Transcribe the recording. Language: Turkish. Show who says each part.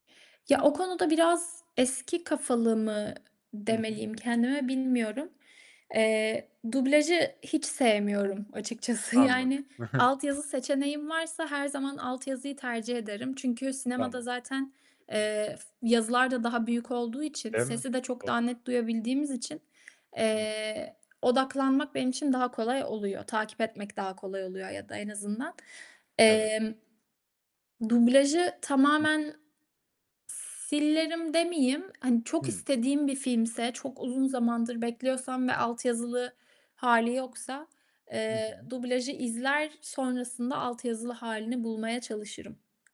Speaker 1: Ya o konuda biraz eski kafalı mı
Speaker 2: Hı hı.
Speaker 1: demeliyim kendime, bilmiyorum. Eee, dublajı hiç sevmiyorum açıkçası.
Speaker 2: Anladım.
Speaker 1: Yani altyazı seçeneğim varsa her zaman altyazıyı tercih ederim. Çünkü sinemada
Speaker 2: Tamam.
Speaker 1: zaten,
Speaker 2: Hı hı.
Speaker 1: eee, yazılar da daha büyük olduğu için,
Speaker 2: Değil mi?
Speaker 1: sesi de çok
Speaker 2: Doğ
Speaker 1: daha net duyabildiğimiz için,
Speaker 2: Hıh.
Speaker 1: eee, odaklanmak benim için daha kolay oluyor. Takip etmek daha kolay oluyor ya da en azından.
Speaker 2: Evet.
Speaker 1: Emm, dublajı
Speaker 2: Hı.
Speaker 1: tamamen s silerim demeyeyim, hani çok
Speaker 2: Hıı.
Speaker 1: istediğim bir filmse, çok uzun zamandır bekliyorsam ve altyazılı hâli yoksa,
Speaker 2: Hı
Speaker 1: eee,
Speaker 2: hı.
Speaker 1: dublajı izler, sonrasında altyazılı hâlini bulmaya çalışırım.